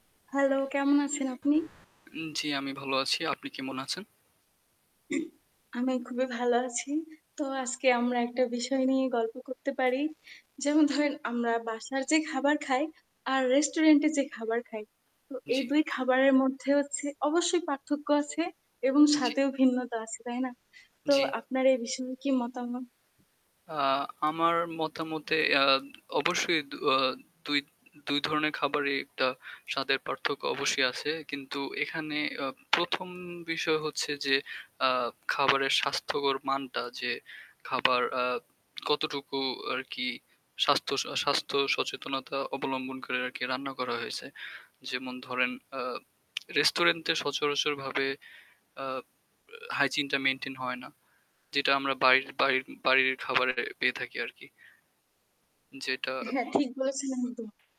Hello কেমন আছেন আপনি? উম, জ্বি। আমি ভালো আছি। আপনি কেমন আছেন? আমি খুবই ভালো আছি। তো আজকে আমরা একটা বিষয় নিয়ে গল্প করতে পারি। যেমন ধরেন আমরা বাসার যে খাবার খাই আর রেস্টুরেন্টে যে খাবার খাই। তো এই জ্বি। ২ খাবারের মধ্যে হচ্ছে অবশ্যই পার্থক্য আছে এবং জী। স্বাদেও ভিন্নতা আছে। তাই না? তো জ্বি। আপনার এই বিষয়ে কি মতামত? অ্যাঁ আমার মতামতে অ্যাঁ অবশ্যই অ্যাঁ দুই ২ ধরনের খাবারেই একটা স্বাদের পার্থক্য অবশ্যই আছে কিন্তু এখানে অ্যাঁ ১ম বিষয় হচ্ছে যে অ্যাঁ খাবারের স্বাস্থ্যকর মানটা যে খাবার অ্যাঁ কতটুকু আর কি স্বাস্থ্য আ স্বাস্থ্য সচেতনতা অবলম্বন করে আর কি রান্না করা হয়েছে? যেমন ধরেন অ্যাঁ রেস্টুরেন্টে সচরাচরভাবে অ্যাঁ হাইজিনটা মেইনটেইন হয় না, যেটা আমরা বাড়ির বাড়ির বাড়ির খাবারে পেয়ে থাকি আরকি। যেটা হ্যাঁ উম ঠিক বলেছিলেন। তো